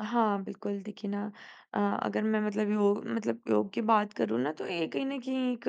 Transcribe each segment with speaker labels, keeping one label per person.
Speaker 1: हाँ, बिल्कुल देखिए ना अ, अगर मैं मतलब योग मतलब योग की बात करूँ ना, तो ये कहीं न कहीं एक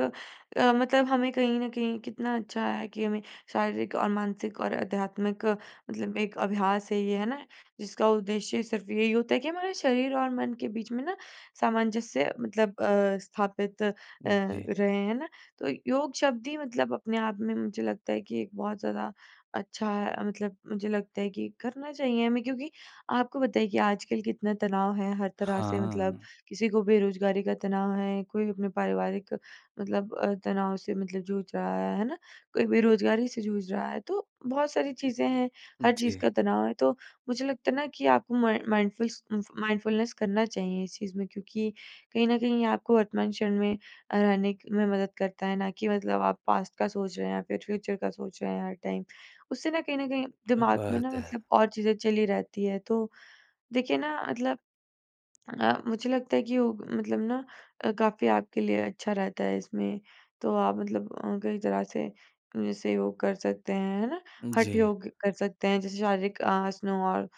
Speaker 1: अ, मतलब हमें कहीं न कहीं कितना अच्छा है कि हमें शारीरिक और मानसिक और आध्यात्मिक मतलब एक अभ्यास है ये, है ना? जिसका उद्देश्य सिर्फ़ यही होता है कि हमारा शरीर और मन के बीच में ना, सामंजस्य मतलब अ, स्थापित अ,
Speaker 2: जी।
Speaker 1: रहे है ना। तो योग शब्द ही मतलब अपने आप में मुझे लगता है कि एक बहुत ज़्यादा अच्छा है, मतलब मुझे लगता है कि करना चाहिए हमें क्योंकि आपको पता है कि आजकल कितना तनाव है, हर तरह से मतलब
Speaker 2: हाँ।
Speaker 1: किसी को बेरोजगारी का तनाव है, कोई अपने पारिवारिक मतलब अ, तनाव से मतलब जूझ रहा है, है ना? कोई बेरोज़गारी से जूझ रहा है। तो, बहुत सारी चीज़ें हैं, हर चीज़
Speaker 2: जी।
Speaker 1: का तनाव है, तो मुझे लगता है ना कि आप म माइंडफुलस उम, माइंडफुलनेस करना चाहिए इस चीज़ में। क्योंकि कहीं न कहीं आपको वर्तमान क्षण में अ, रहने क में मदद करता है, ना कि मतलब आप पास्ट का सोच रहे हैं या फिर फ्यूचर का सोच रहे हैं, हर टाइम। उससे ना कहीं न कहीं
Speaker 2: क्या
Speaker 1: दिमाग़ में ना
Speaker 2: बात है!
Speaker 1: मतलब और चीज़ें चली रहती है, तो देखिए ना, मतलब अ, मुझे लगता है कि योग मतलब ना अ, काफ़ी आपके लिए अच्छा रहता है इसमें, तो आप मतलब अ, कई तरह से ऐसे योग कर सकते हैं, है ना? हठ
Speaker 2: जी।
Speaker 1: योग कर सकते हैं जैसे शारीरिक आसनों और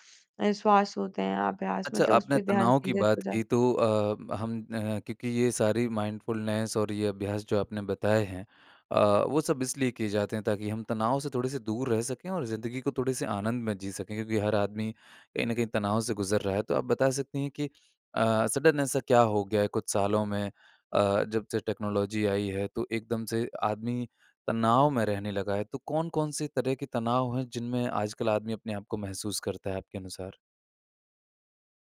Speaker 1: अ, श्वास होते हैं अभ्यास
Speaker 2: अच्छा,
Speaker 1: मतलब उस
Speaker 2: आपने
Speaker 1: पे ध्यान
Speaker 2: तनाव की
Speaker 1: केंद्रित
Speaker 2: बात
Speaker 1: हो जाते।
Speaker 2: की तो अ, हम अ, क्योंकि ये सारी माइंडफुलनेस और ये अभ्यास जो आपने बताए हैं अ, वो सब इसलिए किए जाते हैं ताकि हम तनाव से थोड़े-से दूर रह सकें और ज़िंदगी को थोड़े-से आनंद में जी सकें, क्योंकि हर आदमी कहीं न कहीं तनाव से गुज़र रहा है। तो आप बता सकती हैं कि अ, सडन ऐसा क्या हो गया है कुछ सालों में अ, जब से टेक्नोलॉजी आई है, तो एकदम से आदमी तनाव में रहने लगा है। तो कौन-कौन से तरह के तनाव हैं, जिनमें आजकल आदमी अपने आप को महसूस करता है आपके अनुसार?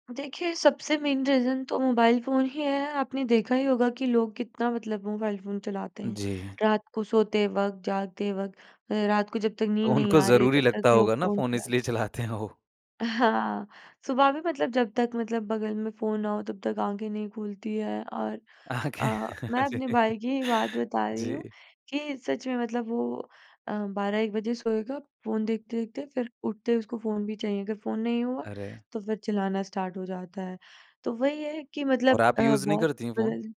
Speaker 1: देखिए, सबसे मेन रीज़न तो मोबाइल फ़ोन ही है, आपने देखा ही होगा कि लोग कितना मतलब मोबाइल फ़ोन चलाते हैं।
Speaker 2: जी।
Speaker 1: रात को सोते वक़्त, जागते वक़्त, रात को जब तक
Speaker 2: तो
Speaker 1: नींद नहीं
Speaker 2: उनको
Speaker 1: आ रही है
Speaker 2: ज़रूरी
Speaker 1: तब तक
Speaker 2: लगता
Speaker 1: लोग
Speaker 2: होगा ना
Speaker 1: फ़ोन
Speaker 2: फ़ोन
Speaker 1: चलाते।
Speaker 2: इसलिए चलाते हैं वो।
Speaker 1: हाँ, सुबह भी मतलब जब तक मतलब बगल में फ़ोन ना हो, तब तक आँखें नहीं खुलती है और
Speaker 2: आँखें,
Speaker 1: अ, मैं
Speaker 2: जी।
Speaker 1: अपने भाई की ही बात बता रही हूँ,
Speaker 2: जी।
Speaker 1: कि सच में मतलब वो अ, 12-1 बजे सोएगा, फ़ोन देखते-देखते फिर उठते ही उसको फ़ोन भी चाहिए, अगर फ़ोन नहीं हुआ,
Speaker 2: अरे!
Speaker 1: तो फिर चिल्लाना स्टार्ट हो जाता है। तो वही है कि
Speaker 2: और
Speaker 1: मतलब
Speaker 2: आप
Speaker 1: अ,
Speaker 2: यूज़ नहीं
Speaker 1: बहुत
Speaker 2: करती
Speaker 1: कुछ
Speaker 2: हैं फ़ोन?
Speaker 1: बदल